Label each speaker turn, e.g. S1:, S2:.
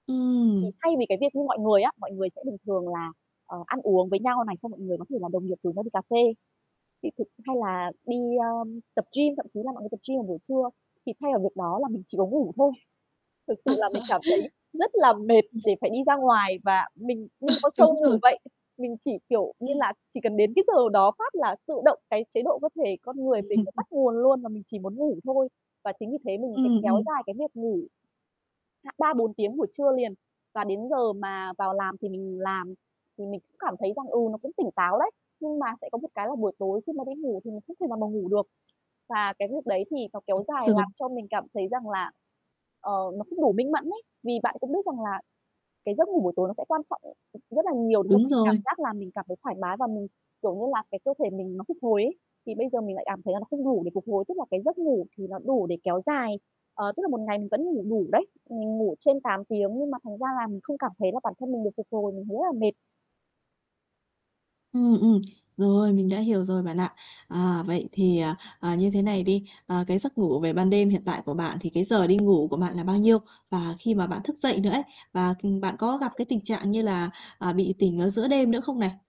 S1: Thì
S2: Ừm.
S1: thay vì cái việc như mọi người á, mọi người sẽ bình thường là, ờ, ăn uống với nhau này xong mọi người có thể là đồng nghiệp rủ nhau đi cà phê. [unintelligible] Hay là đi, ơm, tập gym, thậm chí là mọi người tập gym vào buổi trưa, thì thay vào việc đó là mình chỉ có ngủ thôi. Thực sự
S2: Ờ.
S1: là mình cảm thấy rất là mệt
S2: Ừm.
S1: để phải đi ra ngoài và mình như
S2: Ờ,
S1: một con
S2: đúng
S1: sâu
S2: rồi.
S1: ngủ vậy, mình chỉ, kiểu như
S2: Ừm.
S1: là, chỉ cần đến cái giờ đó phát là tự động cái chế độ cơ thể con người mình nó tắt nguồn luôn và mình chỉ muốn ngủ thôi, và chính vì thế mình, cái,
S2: Ừm,
S1: kéo
S2: ừm.
S1: dài cái việc ngủ, ha, 3, 4 tiếng buổi trưa liền, và đến giờ mà vào làm thì mình làm thì mình cũng cảm thấy rằng, ừ, nó cũng tỉnh táo đấy, nhưng mà sẽ có một cái là buổi tối khi mà đi ngủ thì mình không thể nào mà ngủ được. Và cái việc đấy thì nó kéo
S2: [unintelligible]
S1: dài
S2: Rồi.
S1: làm cho mình cảm thấy rằng là, ờ, nó không đủ minh mẫn ấy, vì bạn cũng biết rằng là cái giấc ngủ buổi tối nó sẽ quan trọng, ừm, ừm, rất là nhiều để cho
S2: Đúng
S1: mình cảm
S2: rồi.
S1: giác là mình cảm thấy thoải mái và, kiểu như là, cái cơ thể mình nó phục hồi ấy, thì bây giờ mình lại cảm thấy là nó không đủ để phục hồi, tức là cái giấc ngủ thì nó đủ để kéo dài, ờ, tức là một ngày mình vẫn ngủ đủ đấy, mình ngủ trên 8 tiếng nhưng mà thành ra là mình không cảm thấy là bản thân mình được phục hồi, mình thấy rất là mệt.
S2: Ừm, ừm, rồi, mình đã hiểu rồi bạn ạ. À, vậy thì, à, à, như thế này đi, ờ, cái giấc ngủ về ban đêm hiện tại của
S1: [unintelligible]
S2: bạn thì cái giờ đi ngủ của bạn là bao nhiêu? Và khi mà bạn thức dậy nữa ấy, và, ừm, bạn có gặp cái tình trạng như
S1: [unintelligible]
S2: là, ờ, bị tỉnh ở giữa đêm nữa không này?
S1: [unintelligible]